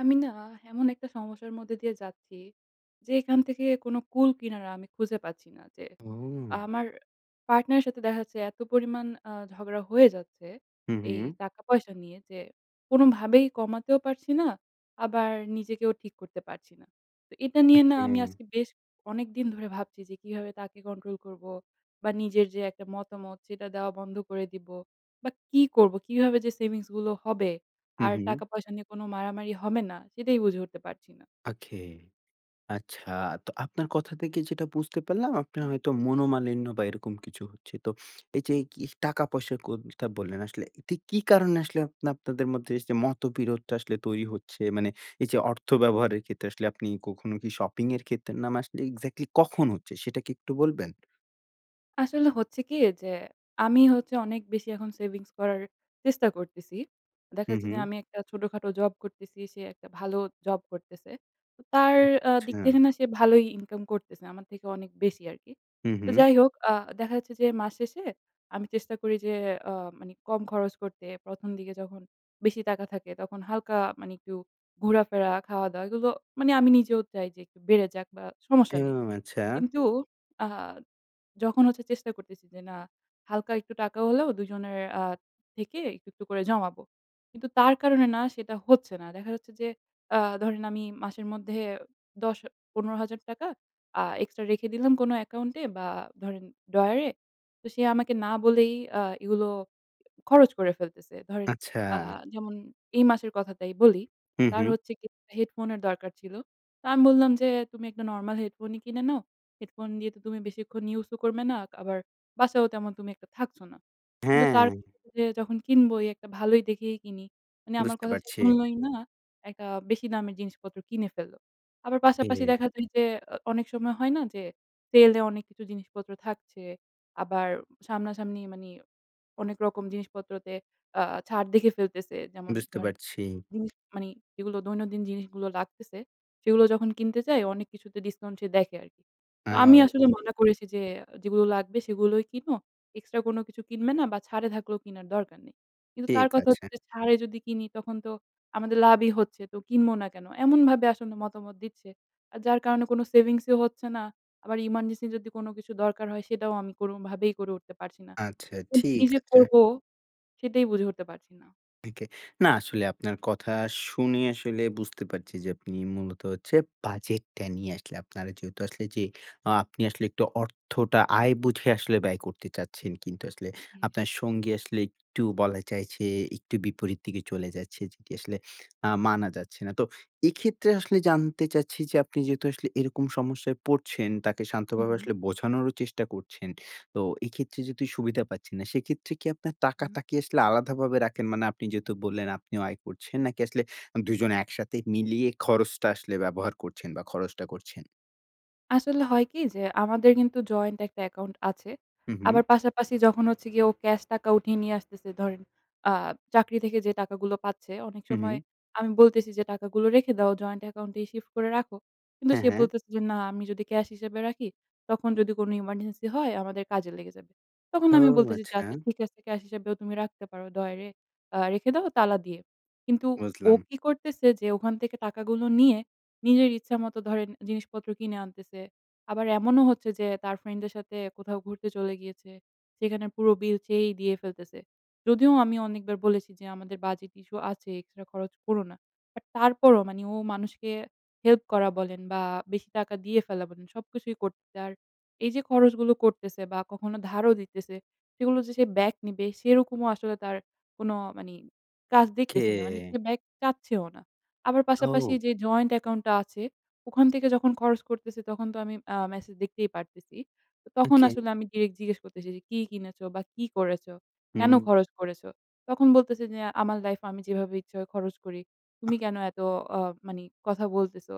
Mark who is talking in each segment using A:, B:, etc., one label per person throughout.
A: আমি না এমন একটা সমস্যার মধ্যে দিয়ে যাচ্ছি, যে এইখান থেকে কোন কুল কিনারা আমি খুঁজে পাচ্ছি না। যে
B: ও!
A: আমার পার্টনার এর সাথে দেখা যাচ্ছে এত পরিমাণ আ ঝগড়া হয়ে যাচ্ছে
B: হুম,
A: এই
B: হুম।
A: টাকা পয়সা নিয়ে যে কোনভাবেই কমাতেও পারছি না, আবার নিজেকেও ঠিক করতে পারছি না। তো এটা নিয়ে না
B: ওকে।
A: আমি আজকে বেশ অনেকদিন ধরে ভাবছি যে কিভাবে তাকে কন্ট্রোল করবো বা নিজের যে একটা মতামত সেইটা দেওয়া বন্ধ করে দিবো বা কি করব? কিভাবে যে সেভিংস গুলো হবে
B: হুম,
A: আর
B: হুম।
A: টাকা পয়সা নিয়ে কোন মারামারি হবে না সেটাই বুঝে উঠতে পারছি না।
B: ওকে। আচ্ছা তো আপনার কথা থেকে যেইটা বুঝতে পারলাম আপনার হয়তো মনোমালিন্য বা এইরকম কিছু হচ্ছে। তো এই যে এই কি টাকা পয়সার কোনথা বললেন আসলে এটা কি কারণে আসলে আপনে আপনাদের মধ্যে এইযে মতবিরোধটা আসলে তৈরি হচ্ছে? মানে এই যে অর্থ ব্যবহারের ক্ষেত্রে আসলে আপনি কখনো কি শপিং এর ক্ষেত্রে না মা আসলে এক্স্যাক্টলি কখন হচ্ছে সেইটা কি একটু বলবেন?
A: আসলে হচ্ছে কি যে আমি হচ্ছে অনেক বেশি এখন সেভিংস করার চেষ্টা করতেছি। দেখা
B: হুম,
A: যাচ্ছে যে,
B: হুম।
A: আমি একটা ছোটখাটো জব করতেছি, সে একটা ভালো জব করতেছে। তো তার আ দিক
B: আচ্ছা।
A: থেকে না সে ভালোই ইনকাম করতেছে। আমার থেকে অনেক বেশি আরকি।
B: হুম,
A: তো
B: হুম।
A: যাই হোক আ দেখা যাচ্ছে যে মাস শেষে আমি চেষ্টা করি যে আ মানে কম খরচ করতে। ১ম দিকে যখন বেশি টাকা থাকে তখন হালকা মানে একটু ঘোরাফেরা, খাওয়া-দাওয়া এইগুলো মানে আমি নিজেও চাই যে একটু বেড়ে যাক বা সমস্যা নেই।
B: হুম, আচ্ছা।
A: কিন্তু আ যখন হচ্ছে চেষ্টা করতেছি যে না হালকা একটু টাকা হলেও ২ জনের আ থেকে একটু, একটু করে জমাবো। কিন্তু তার কারণে না সেটা হচ্ছে না। দেখা যাচ্ছে যে, আ ধরেন আমি মাসের মধ্যে ১০- ১৫ হাজার টাকা আ এক্সট্রা রেখে দিলাম কোন অ্যাকাউন্টে বা ধরেন ড্রয়ারে। তো সে আমাকে না বলেই আ এইগুলো খরচ করে ফেলতেছে। ধরেন আ
B: আচ্ছা।
A: যেমন এই মাসের কথাটাই বলি,
B: হুম,
A: তার
B: হুম।
A: হচ্ছে কি একটা হেডফোনের দরকার ছিল। তো আমি বললাম যে, "তুমি একটা নরমাল হেডফোনই কিনে নাও। হেডফোন দিয়ে তো তুমি বেশিক্ষণ ইউজ ও করবে না, আবার বাসায়ও তেমন তুমি একটা থাকছো না।" কিন্তু তার
B: হ্যাঁ।
A: কথা যে যখন কিনবই, একটা ভালোই দেখেই কিনি। মানে আমার
B: বুঝতে
A: কথা সে
B: পারছি।
A: শুনলোই না, একটা বেশি দামের জিনিসপত্র কিনে ফেলল। আবার পাশাপাশি দেখা যায় যে, আ অনেক সময় হয় না যে সেল এ অনেক কিছু জিনিসপত্র থাকছে। আবার সামনাসামনি মানে অনেক রকম জিনিসপত্রতে আ ছাড় দেখে ফেলতেছে। যেমন
B: বুঝতে
A: ধরনের
B: পারছি।
A: জিনিস মানে যেইগুলো দৈনন্দিন জিনিসগুলো লাগতেছে, সেইগুলো যখন কিনতে যায় অনেক কিছুতে ডিসকাউন্ট সে দেখে আরকি। তো আমি আসলে
B: [unintelligible]
A: মনে করেছি যে যেইগুলো লাগবে সেগুলোই কিনো। এক্সট্রা কোনো কিছু কিনবে না বা ছাড়ে থাকলেও কিনার দরকার নেই। কিন্তু তার
B: ঠিক
A: কথা
B: আছে।
A: হচ্ছে ছাড়ে যদি কিনি তখন তো আমাদের লাভই হচ্ছে। তো কিনব না কেন? এমনভাবে আসলে মতামত দিচ্ছে। আর যার কারণে কোন সেভিংসও হচ্ছে না, আবার ইমার্জেন্সি যদি কোনো কিছু দরকার হয় সেইটাও আমি কোনোভাবেই করে উঠতে পারছি না।
B: আচ্ছা,
A: তো কি
B: ঠিক
A: যে
B: আছে।
A: করবো সেইটাই বুঝে উঠতে পারছি না।
B: থেকে, না আসলে আপনার কথা শুনে আসলে বুঝতে পারছি যে, আপনি মূলত হচ্ছে বাজেটটা নিয়ে আসলে আপনারা যেহেতু আসলে যে, আ আপনি আসলে অর্থটা আয় বুঝে আসলে ব্যয় করতে চাচ্ছেন। কিন্তু আসলে
A: জি।
B: আপনার সঙ্গী আসলে একটু বলা যায় যে, একটু বিপরীত দিকে চলে যাচ্ছে, যেটি আসলে আ মানা যাচ্ছে না। তো এক্ষেত্রে আসলে জানতে চাচ্ছি যে, আপনি যেহেতু আসলে এরকম সমস্যায় পড়ছেন, তাকে
A: হু,
B: শান্তভাবে
A: হুম।
B: আসলে বোঝানোরও চেষ্টা করছেন। তো এক্ষেত্রে যেহেতু সুবিধা পাচ্ছেন না, সেক্ষেত্রে কি আপনার
A: হুম।
B: টাকাটা কি আসলে আলাদাভাবে রাখেন? মানে আপনি যেহেতু বললেন আপনিও আয় করছেন, নাকি আসলে ২ জন একসাথে মিলিয়ে খরচটা আসলে ব্যবহার করছেন বা খরচটা করছেন?
A: আসলে হয় কি? যে আমাদের কিন্তু জয়েন্ট একটা অ্যাকাউন্ট আছে।
B: হুম, হুম।
A: আবার পাশাপাশি যখন হচ্ছে গিয়ে ও ক্যাশ টাকা উঠিয়ে নিয়ে আসতেছে। ধরেন আ চাকরি থেকে যে টাকাগুলো পাচ্ছে, অনেক
B: হুম,
A: সময়
B: হুম।
A: আমি বলতেছি যে, "টাকাগুলো রেখে দাও, জয়েন্ট অ্যাকাউন্ট এ শিফট করে রাখো।" কিন্তু
B: হ্যাঁ,
A: সে
B: হ্যাঁ।
A: বলতেছে যে, "না আমি যদি ক্যাশ হিসেবে রাখি, তখন যদি কোনো ইমারজেন্সি হয় আমাদের কাজে লেগে যাবে।" তখন আমি
B: ওউ
A: বলতেছি যে, "আচ্ছা
B: আচ্ছা।
A: ঠিক আছে ক্যাশ হিসাবেও তুমি রাখতে পারো। ড্রয়ারে আ রেখে দাও তালা দিয়ে।" কিন্তু ও
B: বুঝলাম।
A: কি করতেছে? যে ওখান থেকে টাকাগুলো নিয়ে, নিজের ইচ্ছা মতো ধরেন জিনিসপত্র কিনে আনতেছে। আবার এমনও হচ্ছে যে, তার ফ্রেন্ড দের সাথে কোথাও ঘুরতে চলে গিয়েছে। সেখানে পুরো বিল সেই দিয়ে ফেলতেছে। যদিও আমি অনেকবার বলেছি যে, "আমাদের বাজেট ইস্যু আছে, এক্সট্রা খরচ কোরো না।" বাট তারপরও মানে ও মানুষকে হেল্প করা বলেন বা বেশি টাকা দিয়ে ফেলা বলেন, সবকিছুই করতে আর এই যে খরচগুলো করতেছে বা কখনো ধারও দিতেছে। সেগুলো যে সে ব্যাক নিবে, সেরকমও আসলে তার কোনো মানি কাজ দেখতেছি না। মানি সে
B: কে।
A: ব্যাক চাচ্ছে ও না। আবার পাশাপাশি
B: ও।
A: যে জয়েন্ট অ্যাকাউন্টটা আছে, ওখান থেকে যখন খরচ করতেছে তখন তো আমি আ মেসেজ দেখতেই পারতেছি। তো তখন
B: ওকে।
A: আসলে আমি ডিরেক্ট জিজ্ঞেস করতেছি যে, "কি কিনেছ বা কি করেছো? কেনো
B: হুম।
A: খরচ করেছ" তখন বলতেছে যে, "আমার লাইফ এ আমি যেভাবে ইচ্ছা হয় খরচ করি। তুমি কেনো এত আ মানি কথা বলতেছ?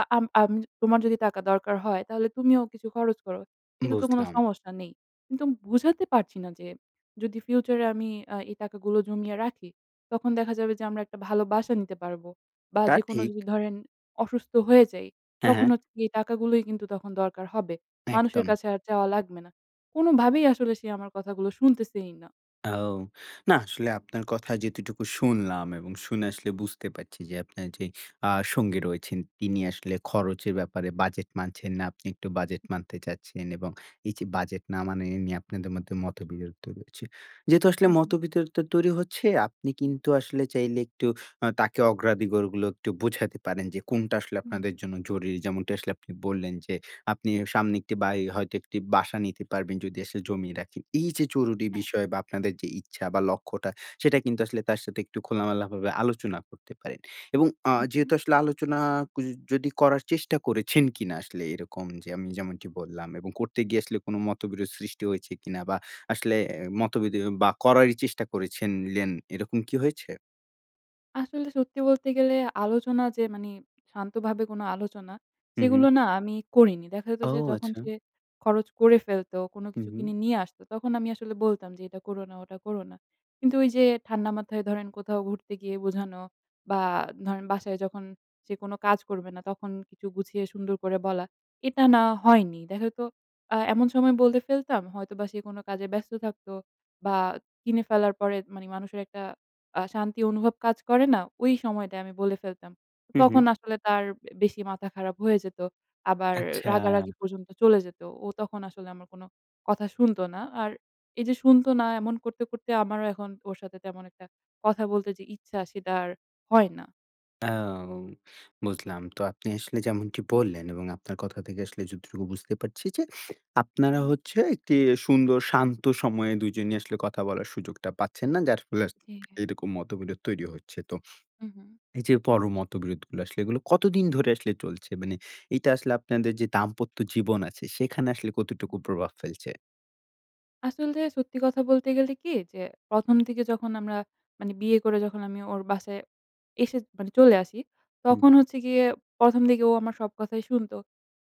A: আ আ আম তোমার যদি টাকা দরকার হয়, তাহলে তুমিও কিছু খরচ করো। এতে তো কোনো
B: বুঝলাম।
A: সমস্যা নেই।" কিন্তু বুঝাতে পারছি না, যে যদি ফিউচার এ আমি আ এই টাকাগুলো জমিয়ে রাখি, তখন দেখা যাবে যে আমরা একটা ভালো বাসা নিতে পারবো বা
B: তা
A: যেকোনো
B: ঠিক।
A: যদি ধরেন অসুস্থ হয়ে যাই,
B: হ্যাঁ,
A: তখন
B: হ্যাঁ।
A: হচ্ছে এই টাকাগুলোই কিন্তু তখন দরকার হবে। মানুষের
B: একদম।
A: কাছে আর চাওয়া লাগবে না। কোনোভাবেই আসলে সে আমার কথাগুলো শুনতেছেই না।
B: ও! না আসলে আপনার কথা যেটুকু শুনলাম এবং শুনে আসলে বুঝতে পারছি যে, আপনার যেই আ সঙ্গী রয়েছেন, তিনি আসলে খরচের ব্যাপারে বাজেট মানছেন না। আপনি একটু বাজেট
A: উম জি।
B: মানতে চাচ্ছেন এবং এই যে বাজেট না মানা এ নিয়ে আপনাদের মধ্যে মতবিরোধ তৈরী হচ্ছে। যেহেতু আসলে
A: হুম, হুম।
B: মতবিরোধ তৈরি হচ্ছে, আপনি কিন্তু আসলে চাইলে একটু আ তাকে অগ্রাধিকারগুলো একটু বুঝাতে পারেন যে কোনটা আসলে আপনাদের
A: হুম।
B: জন্য জরুরি। যেমনটা আসলে আপনি বললেন, যে আপনি সামনে একটি বাড়ি হয়তো একটি বাসা নিতে পারবেন যদি আসলে জমিয়ে রাখেন। এই যে জরুরি
A: হ্যাঁ।
B: বিষয় বা আপনাদের যে ইচ্ছা বা লক্ষ্যটা সেটা কিন্তু আসলে তার সাথে একটু খোলামেলাভাবে আলোচনা করতে পারেন। এবং আ
A: হুম, হুম।
B: যেহেতু আসলে আলোচনা কুজ যদি করার চেষ্টা করেছেন কিনা আসলে এরকম যে আমি যেমনটি বললাম এবং করতে গিয়ে আসলে কোন মতবিরোধ সৃষ্টি হয়েছে কিনা বা আসলে অ্যা মতোবিরোধ বা করারই চেষ্টা করেছিলেন এরকম কি হয়েছে?
A: আসলে সত্যি বলতে গেলে আলোচনা যে মানি শান্তভাবে কোন আলোচনা,
B: হুম, হুম।
A: সেগুলো না আমি করিনি। দেখা যেত
B: ও
A: যে যখন
B: আচ্ছা।
A: সে খরচ করে ফেলতো, কোন
B: হুম,
A: কিছু
B: হুম।
A: কিনে নিয়ে আসতো, তখন আমি আসলে বলতাম যে "এটা করো না, ওটা করো না।" কিন্তু ওই যে ঠান্ডা মাথায় ধরেন কোথাও ঘুরতে গিয়ে বোঝানো বা ধরেন বাসায় যখন সে কোন কাজ করবে না, তখন কিছু গুছিয়ে সুন্দর করে বলা, এটা না হয়নি। দেখা যেতো আ এমন সময় বলে ফেলতাম হয়তোবা সে কোন কাজে ব্যস্ত থাকত বা কিনে ফেলার পরে মানে মানুষের একটা আ শান্তি অনুভব কাজ করে না? ওই সময়টায় আমি বলে ফেলতাম। তো
B: হুম,
A: তখন
B: হুম।
A: আসলে তার এ বেশি মাথা খারাপ হয়ে যেত। আবার রাগারাগি
B: আচ্ছা।
A: পর্যন্ত চলে যেত। ও তখন আসলে আমার কোন কথা শুনতো না। আর এই যে শুনতো না এমন করতে, করতে আমারও এখন ওর সাথে তেমন একটা কথা বলতে যে ইচ্ছা সেটা আর হয় না।
B: এও বুঝলাম। তো আপনি আসলে যেমনটি বললেন এবং আপনার কথা থেকে আসলে যতটুকু বুঝতে পারছি যে, আপনারা হচ্ছে একটি সুন্দর শান্ত সময়ে ২ জনই আসলে কথা বলার সুযোগটা পাচ্ছেন না। যার ফলে আসলে
A: জি।
B: এইরকম মত-বিরোধ তৈরি হচ্ছে। তো
A: হু, হু।
B: এই যে পর মত-বিরোধগুলো আসলে এগুলো কতদিন ধরে আসলে চলছে? মানে এটা আসলে আপনাদের যে দাম্পত্য জীবন আছে, সেখানে আসলে কতটুকু প্রভাব ফেলছে?
A: আসলতে সত্যি কথা বলতে গেলে কি? যে প্রথম দিকে যখন আমরা মানে বিয়ে করে যখন আমি ওর বাসায় এসে মানে চলে আসি।
B: হুম,
A: তখন
B: হুম।
A: হচ্ছে গিয়ে প্রথম দিকে ও আমার সব কথাই শুনতো।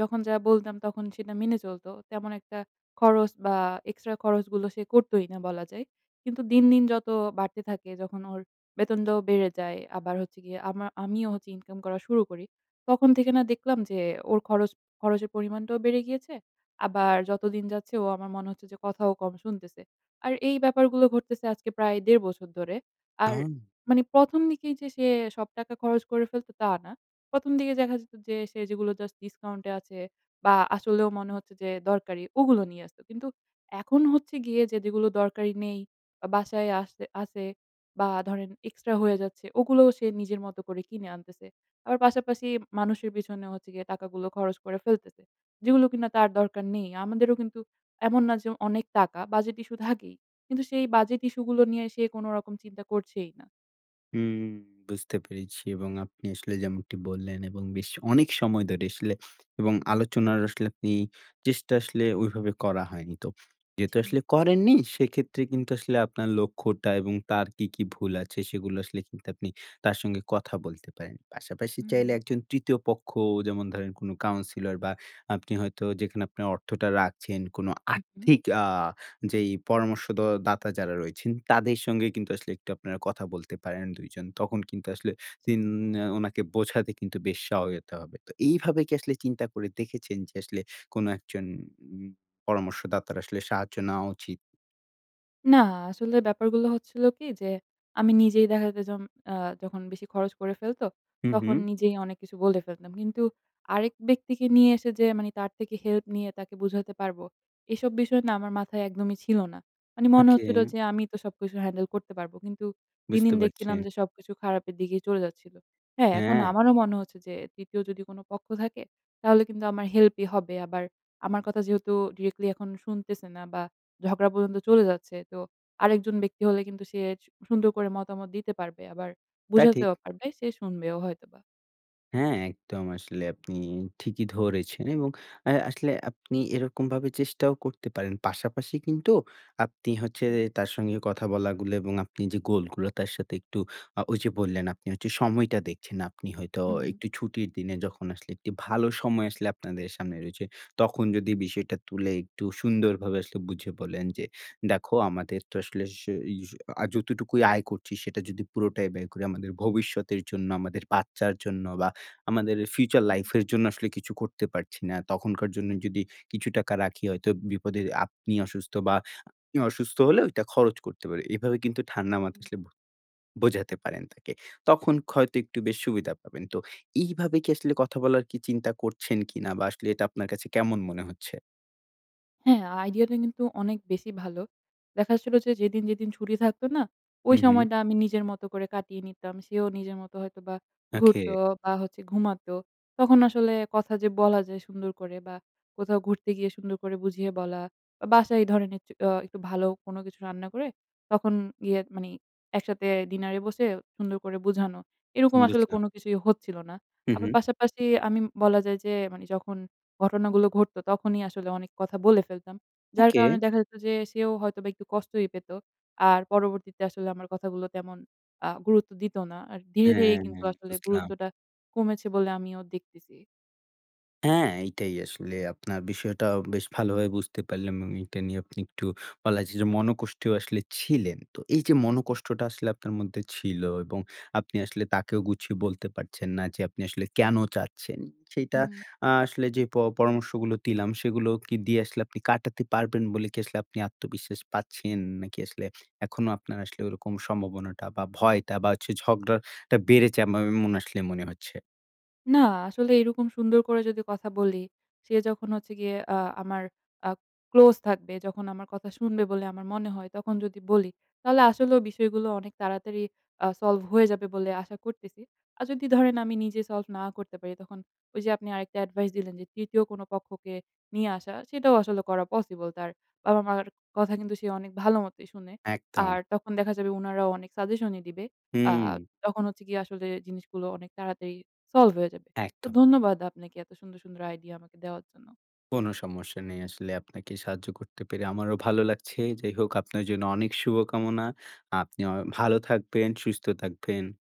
A: যখন যা বলতাম, তখন সেটা মেনে চলত। তেমন একটা খরচ বা, এক্সট্রা খরচ গুলো সে করতই না বলা যায়। কিন্তু দিন, দিন যত বাড়তে থাকে যখন ওর বেতনটাও বেড়ে যায়, আবার হচ্ছে গিয়ে আমার, আমিও হচ্ছে ইনকাম করা শুরু করি। তখন থেকে না দেখলাম যে, ওর খরচ খরচের পরিমাণটাও বেড়ে গিয়েছে। আবার যতদিন যাচ্ছে ও আমার মনে হচ্ছে যে, কথাও কম শুনতেছে। আর এই ব্যাপারগুলো ঘটতেছে আজকে প্রায় ১.৫ বছর ধরে। আর
B: ওউ!
A: মানে প্রথম প্রথম দিকেই যে সে সব টাকা খরচ করে ফেলতো, তা না। প্রথম দিকে দেখা যেত যে সে যেগুলো জাস্ট ডিসকাউন্টে আছে বা, আসলেও মনে হচ্ছে যে দরকারি, ওগুলো নিয়ে আসতো। কিন্তু এখন হচ্ছে গিয়ে যে, যেগুলো দরকারি নেই বা, বাসায় আসে আছে বা, ধরেন এক্সট্রা হয়ে যাচ্ছে ওগুলোও সে নিজের মতো করে কিনে আনতেছে। আবার পাশাপাশি মানুষের পেছনের হচ্ছে গিয়ে টাকাগুলো খরচ করে ফেলতেছে। যেগুলো কিনা তার দরকার নেই। আমাদেরও কিন্তু এমন না যে অনেক টাকা, বাজেট ইশ্যু থাকেই। কিন্তু সেই বাজেট ইশ্যু গুলো নিয়ে সে কোনরকম চিন্তা করছেই না।
B: হুম। বুঝতে পেরেছি এবং আপনি আসলে যেমনটি বললেন এবং বেশ অনেক সময় ধরে আসলে এবং আলোচনার আসলে আপনি চেষ্টা আসলে ওইভাবে করা হয়নি। তো যেহেতু
A: জি।
B: আসলে করেননি সেক্ষেত্রে কিন্তু আসলে আপনার লক্ষ্যটা এবং তার কী, কী ভুল আছে সেগুলো আসলে কিন্তু আপনি তার সঙ্গে কথা বলতে পারেন। পাশাপাশি চাইলে
A: হুম।
B: একজন ৩য় পক্ষ যেমন ধরেন কোনো কাউন্সিলর বা আপনি হয়তো যেখানে আপনার অর্থটা রাখছেন কোনো
A: উ হুম।
B: আর্থিক আ যেই পরামর্শদ দাতা যারা রয়েছেন তাদের সঙ্গে কিন্তু আসলে একটু আপনারা কথা বলতে পারেন ২ জন। তখন কিন্তু আসলে উন
A: [unintelligible]
B: ওনাকে বোঝাতে কিন্তু বেশ সহায়তা হবে। তো এইভাবে আসলে চিন্তা করে দেখেছেন যে আসলে কোনো একজন উ পরামর্শদাতার আসলে সাহায্য নেওয়া উচিৎ?
A: না আসলে ব্যাপারগুলো হচ্ছিল কি যে, আমি নিজেই দেখা যাইজম আ যখন বেশি খরচ করে ফেলত,
B: হুম, হুম।
A: তখন নিজেই অনেক কিছু বলে ফেলতাম। কিন্তু আরেক ব্যক্তিকে নিয়ে এসে যে মানি তার থেকে হেল্প নিয়ে তাকে বুঝাইতে পারব, এসব বিষয় না আমার মাথায় একদমই ছিল না। মানে মনে হচ্ছিল
B: ওকে।
A: যে আমিই তো সবকিছু হ্যান্ডেল করতে পারবো, কিন্তু দিন,
B: বুঝতে
A: দিন
B: পারছি।
A: দেখছিলাম যে সবকিছু খারাপের দিকেই চলে যাচ্ছিল। হ্যাঁ, এখন
B: হ্যাঁ।
A: আমারও মনে হচ্ছে যে ৩য় যদি কোনো পক্ষ থাকে তাহলে কিন্তু আমার হেল্পই হবে আবার আমার কথা যেহেতু ডিরেক্টলি এখন শুনতেছে না বা ঝগড়া পর্যন্ত চলে যাচ্ছে তো, আরেকজন ব্যক্তি হলে কিন্তু সে স সুন্দর করে মতামত দিতে পারবে, আবার
B: তা ঠিক।
A: বুঝাতেও পারবে, সে শুনবেও হয়তোবা।
B: হ্যাঁ, একদম আসলে আপনি ঠিকই ধরেছেন এবং অ্যা আসলে আপনি এরকম ভাবে চেষ্টাও করতে পারেন। পাশাপাশি কিন্তু আপনি হচ্ছে
A: এই
B: যে
A: যে।
B: তার সঙ্গে কথা বলা গুলো এবং আপনি যে গোলগুলা তার সাথে একটু আ ঐ যে বললেন আপনি হচ্ছে সময়টা দেখছেন। আপনি হয়তো
A: হু, হু, হুম।
B: একটু ছুটির দিনে যখন আসলে একটি ভালো সময় আসলে আপনাদের সামনে রয়েছে, তখন যদি বিষয়টা তুলে একটু সুন্দরভাবে আসলে বুঝিয়ে বলেন যে, "দেখো আমাদের তো আসলে স ই স অ্যা যতটুকুই আয় করছি, সেটা যদি পুরোটাই ব্যয় করি আমাদের ভবিষ্যতের জন্য, আমাদের বাচ্চার জন্য, বা আমাদের ফিউচার
A: হুম।
B: লাইফ এর জন্য আসলে কিছু করতে পারছি না। তখনকার জন্যে
A: হ্যাঁ।
B: যদি কিছু টাকা রাখি হয়তো বিপদে" আপনি অসুস্থ বা উনি অসুস্থ হলেও ঐটা খরচ করতে পারি। এভাবে কিন্তু ঠান্ডা মাথা
A: উম।
B: আসলে বু বোঝাতে পারেন তাকে। তখন হয়তো একটু বেশি সুবিধা পাবেন। তো এইভাবে কি আসলে কথা বলার কি চিন্তা করছেন কিনা বা আসলে এটা আপনার কাছে কেমন মনে হচ্ছে?
A: হ্যাঁ, আইডিয়াটা কিন্তু অনেক বেশি ভালো। দেখা যাচ্ছিল যে, যেদিন, যেদিন ছুটি থাকত না? ঐ
B: উহুম।
A: সময়টা আমি নিজের মতো করে কাটিয়ে নিতাম। সেও নিজের মতো হয়তো বা ঘুরত
B: ওকে।
A: বা হচ্ছে ঘুমাতো। তখন আসলে কথা যে বলা যায় সুন্দর করে, বা কোথাও ঘুরতে গিয়ে সুন্দর করে বুঝিয়ে বলা, বা বাসায়ই ধরনের একচু অ্যা একটু ভালো কোনো কিছু রান্না করে, তখন গিয়ে মানে একসাথে ডিনারে বসে সুন্দর করে বুঝানো, এরকম আসলে
B: বুঝলাম।
A: কোনো কিছুই হচ্ছিল না।
B: হু,
A: আবার
B: হুম।
A: পাশাপাশি আমি বলা যায় যে মানে যখন ঘটনাগুলো ঘটত, তখনই আসলে অনেক কথা বলে ফেলতাম। যার
B: ওকে।
A: কারনে দেখা যেত যে সেও হয়তোবা একটু কষ্টই পেত। আর পরবর্তীতে আসলে আমার কথাগুলো তেমন আ গুরুত্ব দিত না। আর ধীরে, ধীরে
B: হ্যাঁ,
A: কিন্তু
B: হ্যাঁ।
A: আসলে
B: বুঝলাম।
A: গুরুত্বটা কমেছে বলে আমিও দেখতেছি।
B: হ্যাঁ এইটাই আসলে আপনার বিষয়টা বেশ ভালোভাবে বুঝতে পারলাম আমি। এইটা নিয়ে একটু বলা যায় যে মনকষ্টেও আসলে ছিলেন। তো এই যে
A: জী।
B: মনকষ্টটা আসলে আপনার মধ্যে ছিল এবং আপনি আসলে তাকেও গুছিয়ে বলতে পারছেন না যে আপনি আসলে কেন চাচ্ছেন। সেইটা
A: হুম।
B: আ আসলে যে প পরামর্শগুলো দিলাম, সেইগুলো কি দিয়ে আসলে আপনি কাটাতে পারবেন বলে কি আসলে আপনি আত্মবিশ্বাস পাচ্ছেন? নাকি আসলে এখনো আপনার আসলে ওরকম সম্ভাবনাটা বা ভয়টা বা হচ্ছে ঝগড়াটা বেড়েছে এম অ আসলে মনে হচ্ছে?
A: না আসলে এইরকম সুন্দর করে যদি কথা বলি। সে যখন হচ্ছে গিয়ে অ্যা আমার আ ক্লোজ থাকবে, যখন আমার কথা শুনবে বলে আমার মনে হয় তখন যদি বলি, তাহলে আসলেও বিষয়গুলো অনেক তাড়াতাড়ি আ solve হয়ে যাবে বলে আশা করতেছি। আর যদি ধরেন আমি নিজে solve না করতে পারি, তখন ওই যে আপনি আরেকটা এডভাইস দিলেন যে ৩য়, কোন পক্ষকে নিয়ে আসা সেটাও আসলে করা পসিবল। তার বাবা-মার কথা কিন্তু সে অনেক ভালোমতই শুনে। আর
B: একদম।
A: তখন দেখা যাবে উনারাও অনেক সাজেশনই দিবে। আ
B: হুম।
A: তখন হচ্ছে কি আসলে জিনিসগুলো অনেক তাড়াতাড়ি solve হয়ে যাবে। তো
B: একদম।
A: ধন্যবাদ আপনাকে এত সুন্দর, সুন্দর আইডিয়া আমাকে দেওয়ার জন্য।
B: কোন সমস্যা নেই। আসলে আপনাকে সাহায্য করতে পেরে আমারও ভালো লাগছে। যাই হোক আপনার জন্য অনেক শুভকামনা। আপনি অ ভালো থাকবেন, সুস্থ থাকবেন।